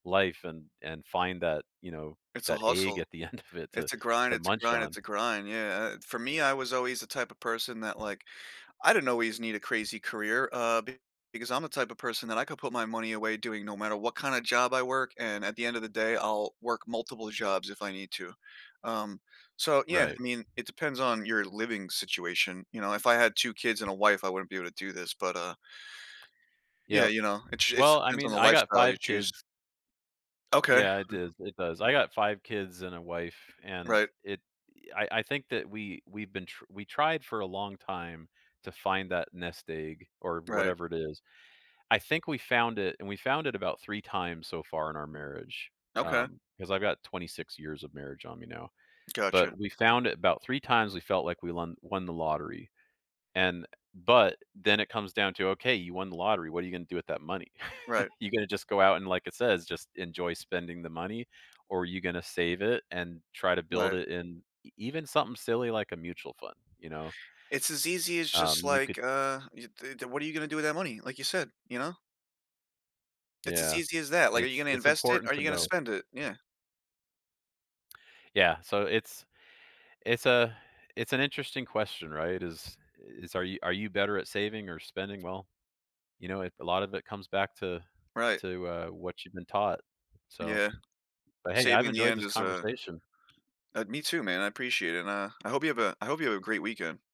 Life and and find that, you know, It's a that egg hustle, at the end of it to it's a grind, to it's a munch grind, on. it's a grind. Yeah, for me, I was always the type of person that, like, I didn't always need a crazy career, uh, because I'm the type of person that I could put my money away doing no matter what kinda job I work, and at the end of the day I'll work multiple jobs if I need to. Um, so, yeah, Right. I mean, it depends on your living situation, you know, if I had 2 kids and a wife, I wouldn't be able to do this, but, uh Yeah, Yeah, you know, it sh it well, I depends on mean, the I got lifestyle you 5 choose. kids. Okay. Yeah, it does it does. I got 5 kids and a wife, and Right. it I I think that we we've been tr we tried for a long time to find that nest egg, or Right. whatever it is. I think we found it, and we found it about 3 times so far in our marriage, Okay. um, 'cause I've got 26 years of marriage on me now. Gotcha. But, we found it about 3 times, we felt like we won won the lottery, and, but, then it comes down to, ok, you won the lottery, what are you going to do with that money? Right. You're going to just go out and, like, it says, just enjoy spending the money, or you're gonna save it and try to build Right. it in even something silly, like, a mutual fund, you know. It's as easy as Um, just, you could like, uh, t th what are you gonna do with that money, like, you said, you know? It's as Yeah, easy as that, like, are you it's, gonna it's invest it? Are important to you gonna know. spend it? Yeah. Yeah, so it's It's a it's an interesting question, right? Is is, are you are you better at saving or spending well? You know, a lot of it comes back to Right. to, uh, what you've been taught, so. Yeah. But, hey, I've saving in the enjoyed end this is a conversation. uh, me too, man. I appreciate it, and I I hope you have a I hope you have a great weekend.